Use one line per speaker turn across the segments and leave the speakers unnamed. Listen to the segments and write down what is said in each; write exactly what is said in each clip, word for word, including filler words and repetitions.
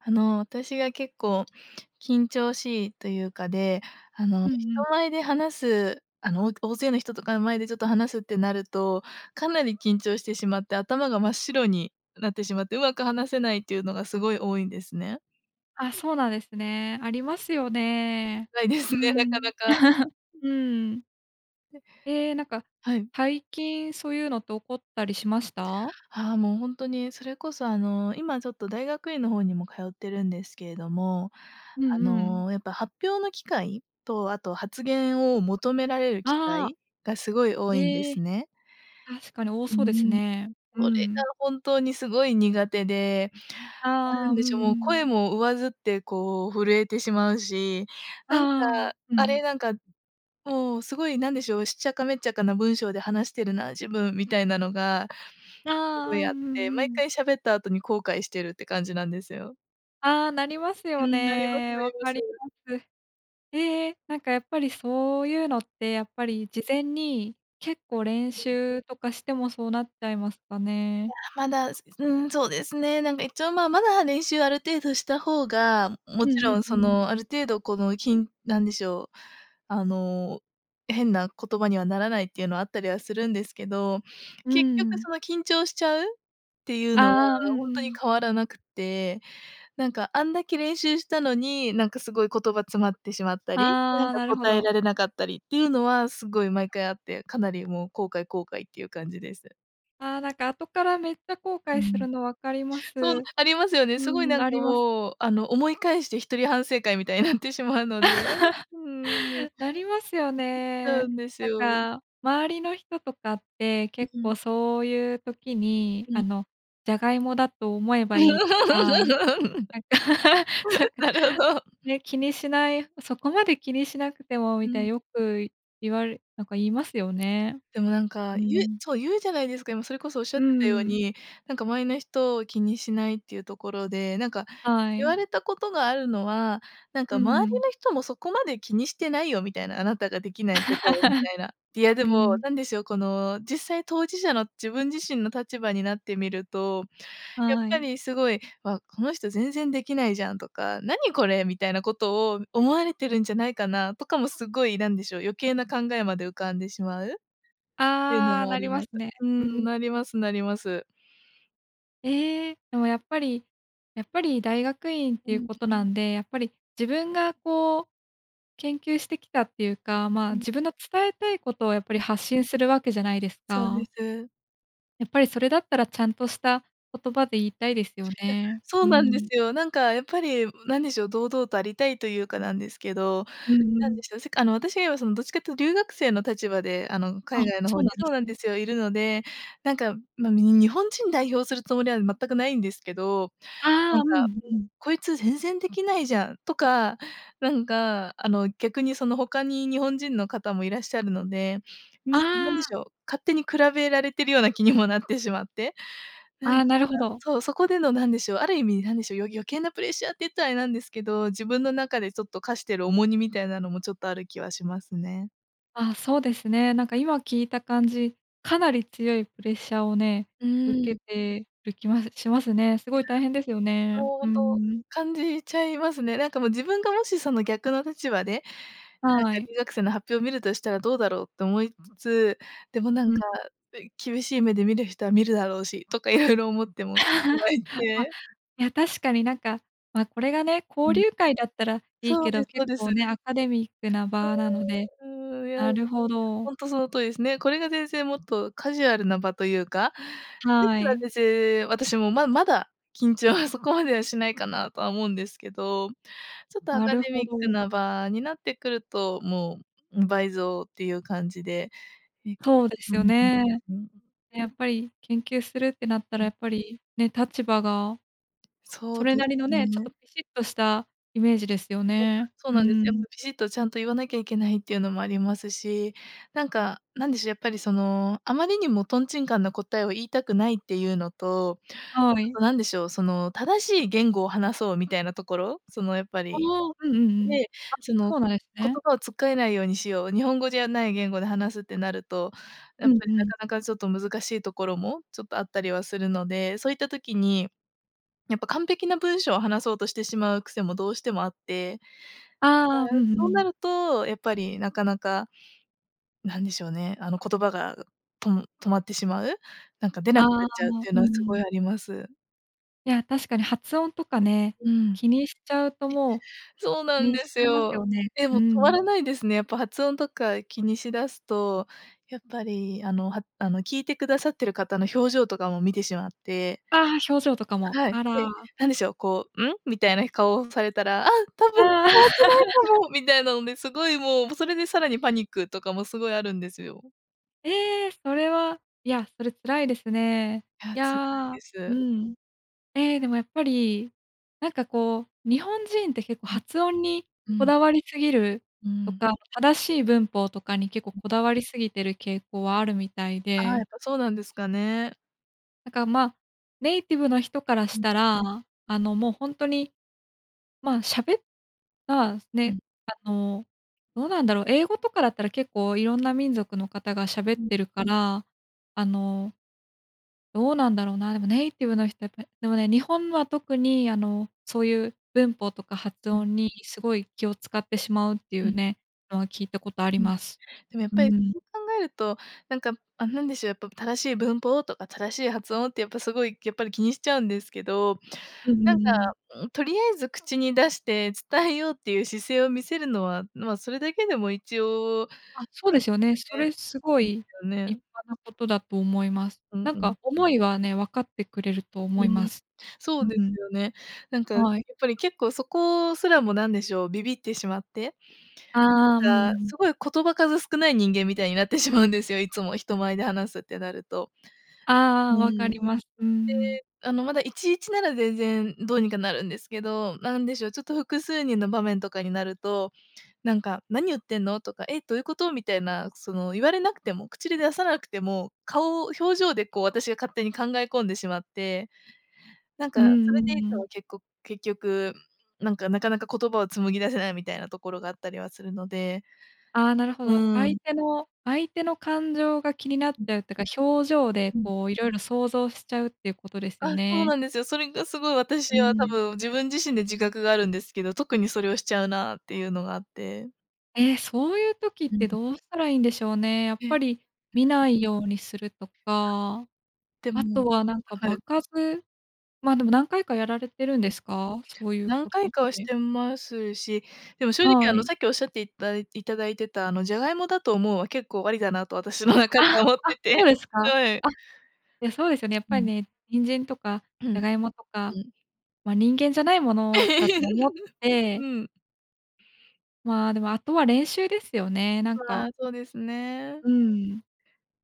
あの、私が結構、緊張しいというかで、あの、
うん
人
うん。
前で話す、あの、お大勢の人とかの前でちょっと話すってなると、かなり緊張してしまって頭が真っ白になってしまって、うまく話せないっていうのがすごい多いんですね。
あ、そうなんですね。ありますよね。
ないです
うー
ね、なか
ん。
なか。
うーん。ええ、なんか
はい。
最近そういうのって起こったりしました？
ああ、もうほんとにそれこそ、あの、今ちょっと大学院の方にも通ってるんですけれども、
う
あ
んうん。
の、やっぱ発表の機会とあと、発言を求められる機
ああ。
会がすごい多いんで
へえ。
すね。
確かに多
うー
そうです
ん、
ね。うー
それが
ん。
本当にすごい苦手で。な
ああ、
ん
うん
でしょう、もう
うん。
声も上ずってこう震えてしまうし、なんか、
ああ、う
あれ
ん。
なんか、もうすごいなんでしょう、しっちゃかめっちゃかな文章で話してるな、自分、みたいなのが、すご
ああ、
い
うん
あって、
う
毎
ん。
回喋った後に後悔してるって感じなんですよ。
ああ、なります
う
よ
ん、なります
ね。
なり
わ
ま
か
す。
ります。ええ、なんかやっぱりそういうのって、やっぱり事前に結構練
うん。
習とかしてもそうなっちゃいますか
い
ね？
や、まだ、すん、そうですね。なんか一応、ま、まだ練習ある程度した方が、
う
もち
んうん
ろん
う
そ
ん。
のある程度この、きん何でしょう、あの変な言葉にはならないっていうのはあったりはするんですけど、
うー
結局
ん。
その緊張しちゃうっていうのは
ああ、うん
本
う
当に
ん。
変わらなくて、なんかあんだけ練習したのに、なんかすごい言葉詰まってしまったり、な
あ
ん
あ、
か
なるほ
答え
ど。
られなかったりっていうのはすごい毎回あって、かなりもう後悔後悔っていう感じです。
ああ、なんか後からめっちゃ後
う
悔す
ん。
るのわかりま
そう、
す。
ありますよね。す
う
ごいな
ん、
ん
あ
か
ります。
もうあの思い返して一人反省会みたいになってしまうので、うーん。
なりますよ
な
ね。
んです
なん
よ。
か、周りの人とかって
う
結
うん。
構そういう時に
う
あ
ん。
の「ジャガイモだと思えばいい」とか、なんかさんか、
なるほど。
ね、気にしないそこまで気にしなくても
う
みたい、
ん。
よく言われなんか言いますよね。
でもなんか
う
言う
ん。
そう言うじゃないですか、今それこそおっしゃ
う
ってたよう
ん。
に、なんか周りの人を気にしないっていうところで、なんか
は
言わ
い。
れたことがあるのは、なん
う
か
ん
周
う
り
ん。
の人もそこまで気にしてないよみたいな、あなたができないことをみたいな。いや で
う
も、
ん。
なんでしょう、この実際当事者の自分自身の立場になってみると、やっ
は
ぱ
い。
りすごい、わ、この人全然できないじゃんとか、何これみたいなことを思われてるんじゃないかなとかもすごい、なんでしょう、余計な考えまで浮かんでしまう。っていうの
ああ、
もあ
なり
り
ま
ます。
すね。
う
う
ん、
ん。
なりますなります。
ええ、でも、やっぱりやっぱり大学院って
う
いう
ん。
ことなんで、やっぱり、自分が、こう、研究してきたっていうか、
う
ま、
ん。
自分の伝えたいことを、やっぱ
う
り、
ん。
発信するわけじゃないです
そうで
か？
す。
やっぱり、それだったら、ちゃんとした言葉で言いた
い
いですよ
や、
ね。
そ
う
うなんで
ん。
すよ。なんか、んやっぱり、何でしょう。堂々とありたいというかなんですけど、
うんう
なんで
ん。
しょう。せかあの私がそのどっちかっていうと留学生の立場であの
あ
海
っ、
外の
そ
方
う
に
なんで
そうなん
すね。
ですよ、いるので、なんか、ま、み日本人代表するつもりは全くないんですけど、
あ
な
あ、
ん
うん
か、
うん。
こいつ全然できないじゃんとか、なんか、あの、逆にその他に日本人の方もいらっしゃるので、
あ
に、なんでし
あ。
ょう、勝手に比べられてるような気にもなってしまって。な
あ
ん
あ、
か。
なるほど。
そう、そこでのなんでしょう、ある意味、なんでしょう、よ余計なプレッシャーって言ったらあれなんですけど、自分の中でちょっとかしてる重荷みたいなのもちょっとある気はしますね。
あ、そうですね。なんか、今聞いた感じ、かなり強いプレッシャーをね、
うー
受
ん。
けてる気はしますね。す
い
ご
や、
い大変ですよね。うー
相当
ん。
感じちゃいますね。なんかもう自分がもしその逆の立場で、なんか
はい。
留学生の発表を見るとしたらどうだろうと思いつつ、でも、なん
うん。ん。
か、つい厳しい目で見る人は見るだろうしとか 色々思っても [unintelligible] いっ
あ、
て。
いや、確かになんか、ま、これがね、
う
交
ん。
流会だったらいい
そ
け
うで
ど、
すそう
結
で
構
す。
ね、アカデミックな場なので、
うーん。いや
なるほど。
ほんとその通りですね。これが全然もっとカジュアルな場というか、でし
は
たら
い。
私、私も、ままだ緊張はそこまではしないかなとは思うんですけど、ちょっと、ア
な
カ
る
デ
ほ
ミック
ど。
な場になってくると、ん、もう倍増っていう感じで。え、
そうで
う
すよ
ん
ね。
うんうん。
やっぱり研究するってなったら
う
や
ん。
っぱり。ね、立場が。
そ
そ
う
れ
で
な
す
りのね、ちょっと
ね。
ピシッとしたイメージですよ
そう。
ね。
そう
う
なんです。
ー
やっ
ん。
ぱピシッとちゃんと言わなきゃいけないっていうのもありますし、なんか、なんでしょう、やっぱり、そのあまりにもとんちんかんな答えを言いたくないっていうのと、
は
あ
い。
となんでしょう。その正しい言語を話そうみたいなところ、そのやっぱ
ああ、
り。
うんうんうん。
で、そ
あ、
の
そうなんです
言
ね。
葉をつっかえないようにしよう、日本語じゃない言語で話すってなると、や
う
っ
ん
ぱり、な
うん。
かなか、ちょっと難しいところもちょっとあったりはするので、そういった時に、やっぱ、完璧な文章を話そうとしてしまう癖もどうしてもあって、やっぱ、
ああ、うんう
そうな
ん。
ると、やっぱり、なかなか、なんでしょうね。あの言葉がと止まってしまう、なんか出
あ
なくな
あ、
っちゃうっていう
うー
のはすごい
ん。
あります。
いや、確かに発音とかね、
うん。
気にしちゃうともう、
そう
気
なん
にし
で
ち
す
ゃいますよ
よ。
ね。
で
うー
も止ま
ん。
らないですね。やっぱ発音とか気にしだすと、やっぱり、あの、はあの、聞いてくださってる方の表情とかも見てしまって。
ああ、表情とかも、
はい、
あ
で、
ら。
何でしょう、こう、ん？みたいな顔をされたら、「あ、多分伝
あ
わって
あ。
ないか も」みたいなので、すごいもうそれでさらにパニックとかもすごいあるんですよ。
ええ、それは、いや、それ辛いですね。
あ、
い
辛い
や
で
う
す。
ん。ええ、でもやっぱり、なんかこう、日本人って結構
うん。
発音に
う
こ
ん。
だわりすぎる、
うー
と
ん。
か、正しい文法とかに結構
うん。
こだわりすぎてる傾向はあるみたい
ああ、や
で。
っぱそうなんですかね。
だから、ま、ネイティブの人からし
うん。
たら、あの、もうほんとに、まあ、喋っら、
う
ね、
ん。
あの、どうなんだろう、英語とかだったら結構いろんな民族の方が喋
う
っ
ん。
てるから、あのどうなんだろうな、でもネイティブの人ってでもね、日本のは特に、あの、そういう文法とか発
うん。
音にすごい気をつかってしまうってい
う
う
ん。
ねのは聞いたことあり
うん、
ます。
でもやっ
う
ぱり
ーん。
そう考えると、なんか、あ、なんでしょう、やっぱ正しい文法とか正しい発音ってやっぱ、すごいやっぱり気にしちゃうんですけど、
うん
な
う
ん
んうん。
か、んとりあえず口に出して伝えようっていう姿勢を見せるのは、ま、それだけでも一応、
あ、そ
あ、
う
な
で
んか
すよね。そ
ね、
れすご
いいで
い
すよ
立
ね。
派なことだと思います。
うん
なん
うん。
か思いはね、分かってくれると思
う
いま
ん、
す。
そ
う
うです
ん。
よね。なんか、やっ
はい。
ぱり結構そこすらも、なんでしょう、ビビってしまって、
ああ、うん
な
う
んか
ん。
すごい言葉数少ない人間みたいになってしまうんですよいつも人前で話すってなると。
あ
う
あ、
ー
分か
ん。
り
で、
ます。うーん。
あの、まだいちいちなら全然どうにかなるんですけど、なんでしょう、ちょっと複数人の場面とかになると、なんか「何言ってんの」とか「え、どういうこと」みたいな、その言われなくても、口で出さなくても、顔、表情でこう私が勝手に考え込んでしまって、なんか
う
そ
んう
れで
ん
い
う
つ
ん。
もけっこ結局、なんか、なかなか言葉を紡ぎ出せないみたいなところがあったりはするので。
あ、なるほ
う
ど。
ー
相
ん。
手の相手の感情が気になっ
うん。
ちゃうってか、表情で、
うん。
こう、色々想像しちゃうっていうことですよ
あ、そう
ね。
なんですよ。それがすごい
う
私
ー
は多
ん。
分、自分自身で自覚があるんですけど、特にそれをしちゃうなっていうのがあって。
ええ、そういう時っ
うん。
てどうしたらいいんでしょうね。やっ
えっ。
ぱり見ないようにするとか、
で
あ
も、
とはなんか
は
場
い。
数？ま、でも、何回かやられてるんですか？そういう
何
ことっ
回かはし
て。
てますし、でも、正直、
は
あの、
い。
さっきおっしゃっていたいただいてた、あのジャガイモだと思うは結構ありだなと私の中で
あっ、
は思っ
あ、
て
そう
て、
ですか？あっ、
はい。
いや、そうですよね、やっ
う
ぱり
ん。
ね、人参とか
う
ジャガイモとか、
ん。
ま、人間じゃないものだと思 って
うん。
まあ、でも、あとは、練習ですよね。なん
ああ、
か。
そうですね。
うーん。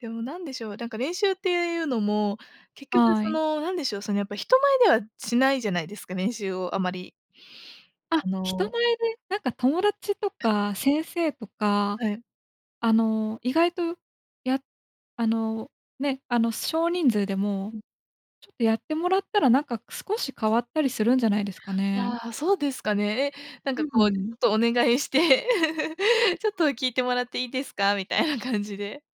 でも、なんでしょう、なんか、練習っていうのも、結局
は
そ
い。
の何でしょう、その、やっぱ、人前ではしないじゃないですか、練習をあまり。
あっ、
あ
人
の
前でなんか友達とか先生とか、
はい。
あの、意外と、や、あの、ね、あの、少人数でも、
うん。
ちょっとやってもらったら、なんか、少し変わったりするんじゃないですかね。
ああ、そうですかね。え、なん
う
か、
ー
こう、ち
ん。
ょっとお願いして、ちょっと聞いてもらっていいですかみたいな 感じで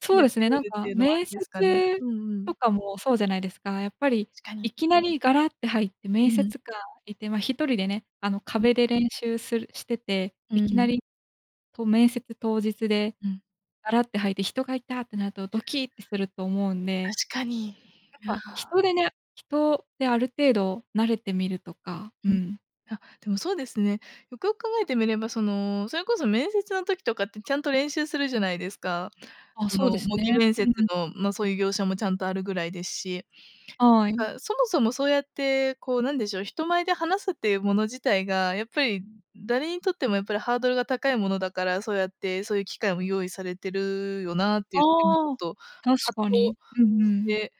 そう
やっ
で
て
すね、な
み
ん
るって
か
いうのはあ
面
りですかね。
接
うんう
と
ん。
かもそうじゃないですか。やっぱり
確かに。
いきなりガラッって入って
う
面
ーん。
接官いて、ま、ひとりでね、あの
うん。
壁で練習するしてて、
う
い
ー
きな
ん。
り、こう、面接当日で
うん。
ガラって入って人がいたってなるとドキってすると思うんで。
確かに、
やっぱ
なあ。
人でな人である程度慣れてみるとか、う
うん、
ん。
あ、でもそうですね。よくよく考えてみれば、その、それこそ面接の時とかってちゃんと練習するじゃないですか。
あ、
そ
そ
の、
う
模
です
擬
ね。
面
う
接
ん。
の、ま、そういう業者もちゃんとあるぐらいですし、
はい。
なんか、そもそも、そうやって、こう、なんでしょう、人前で話すっていうもの自体が、やっぱり、誰にとっても、やっぱり、ハードルが高いものだから、そうやって、そういう、機会も用意されてるよなっていう [unintelligible] ちょ
あ
っ
あ、
と
確
葛
かに。
藤
うんう
し
ん。
て、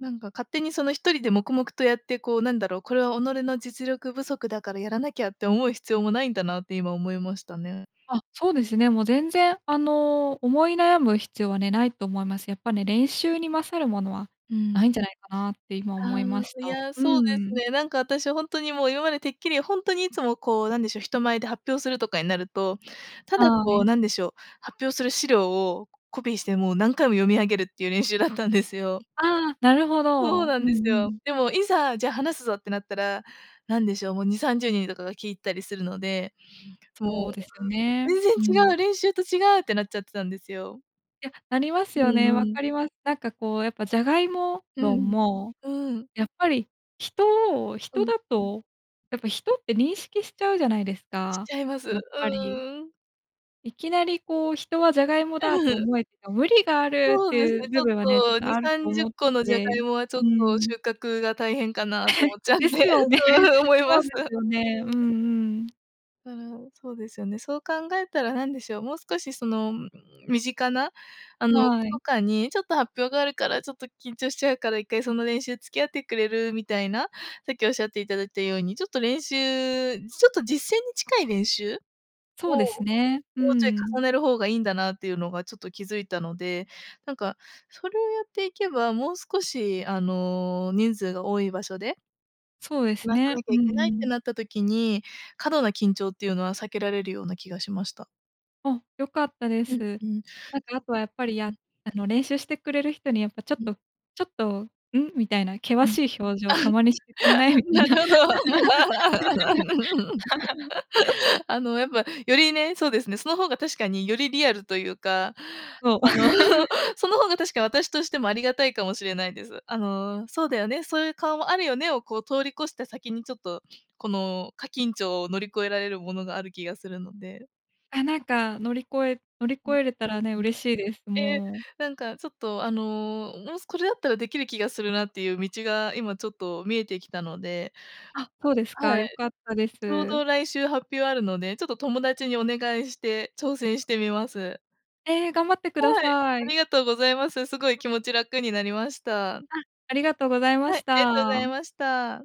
なんか、勝手にそのひとりで黙々とやって、こうなんだろう、これは己の実力不足だからやらなきゃって思う必要もないんだなって今思いましたね。
あ、そうですね。もう全然、あの、思い悩む必要はね、ないと思います。やっぱね、練習に勝るものは
うーん。
ないんじゃないかなって今
あ
思いまし
あ、い
た。う
や、そうです
ーん。
ね。なんか、私、ほんとにもう、今までてっきりほんとにいつも、こう、なんでしょう、人前で発表するとかになると、ただ
は
こ
い。
う、なんでしょう、発表する資料をコピーしてもう何回も読み上げるっていう練習だったんですよ。
ああ、なるほ
そ
ど。
う
うん
なん
う
ですよ。
ん。
でもいざ、じゃあ話すぞってなったら、何でしょう、もうにさんじゅうにんとかが聞いたりするので、もう
そうですね。
全然
うん。
違う、練習と違うってなっちゃってたんですよ。
いや、なります
う
よ
ん
ね。わ
う
か
ん。
ります。なんかこう、やっぱ、ジャガイモ
う
論
ん、
も、
うん。
やっぱり人を、
う
人
ん。
だとやっぱ人って認識しちゃうじゃないです
し
か、
ちゃいます。
や
う
っぱり。
ーん。
いきなりこう、人はジャガイモだと 思え、無理がある、っ
そ
て
うです
いう
ね、ち
部
ょっ
分はね、と
とに
ある
さ
と
んじゅっ
思って
このジャガ
て
イモはちょっ
う
と、
ん。
収穫が大変かなと思っ ちゃう
で
ん
す
で
よね。
うんうん思い
そ
ま
う
す
ですよね。
う
うんう
ん。
ん。
うるん、そうですよね。そう考えたら何でしょう、もう少し、その、身近な、あの、子
は
と
い。
かにちょっと発表があるからちょっと緊張しちゃうから、一回その練習付き合ってくれるみたいな、さっきおっしゃっていただいたように、ちょっと練習ちょっと実践に近い練習
そ
を、
うですね。う
もうちょい
んう
重
ん。
ねる方がいいんだなっていうのがちょっと気づいたので、なんか、それをやっていけば、もう少し、あの、人数が多い場所で
そうです
話さ
ね。
なき
う
ゃい
ん
けない
う
って
ん。
なった時に、過度な緊張っていうのは避けられるような気がしました。
あ、良かったで
うん、
す。
うん。
なんか、あとは、やっぱり、
うん。
やあの、練習してくれる人に、やっぱ、ちょっ
うん。
とちょっと、「ん？」みたいな険
うん、
しい表情たまにしてくんな い？
あ、
み
な
た
る
い
ほど。
な。
あの、やっぱ、よりね、そうですね、その方が確かによりリアルというか、
そう。
あの その方が確か私としてもありがたいかもしれないです。あの、そうだよね、そういう顔もあるよねを通り越した先にちょっとこの過緊張を乗り越えられるものがある気がするので。
あ、なんか、乗り越え乗り
う
越
ん。
えれたらね、
うん。
嬉しいです。
え、
もう。
なんかちょっと、あの、もし、これだったらできる気がするなっていう道が今ちょっと見えてきたので
あっ、そうです
は
か、良
い。
かったで
ちょう
す。
ど来週発表あるので、ちょっと友達にお願いして挑戦してみます。
ええ、頑張ってくだ
はい、
さ
あ
い。
りがとうございます。すごい気持ち楽になりました。
あ、ありがとうございま
はい、
し
ありがとうござい
た。
ました。